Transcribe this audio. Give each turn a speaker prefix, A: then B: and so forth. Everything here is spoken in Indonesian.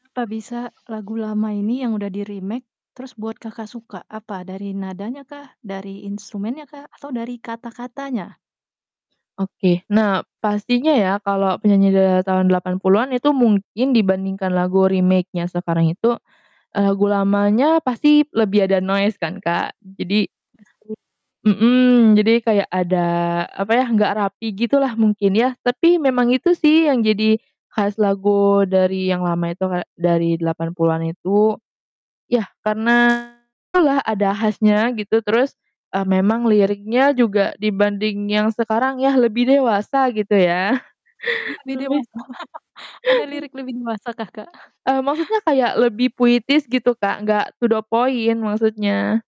A: Apa bisa lagu lama ini yang udah di-remake terus buat Kakak suka? Apa dari nadanya kah? Dari instrumennya kah? Atau dari kata-katanya?
B: Oke, nah, pastinya ya kalau penyanyi di era tahun 80-an itu mungkin dibanding lagu remake-nya sekarang itu, eee, lagu lamanya pasti lebih ada noise kan, Kak, jadi
A: Pasti.
B: Mhm, jadi kayak ada apa ya, gak rapi gitu lah mungkin ya, tapi memang itu sih yang jadi khas lagu dari yang lama itu, kayak dari 80-an itu, ya karena ada lah, ada khasnya gitu, terus, eee, memang liriknya juga dibanding yang sekarang ya, lebih dewasa, gitu ya.
A: Lebih
B: Lebih
A: dewasa? Ada lirik lebih dewasa kah, Kak?
B: Eee, maksudnya kayak lebih puitis gitu, Kak, gak to the point maksudnya.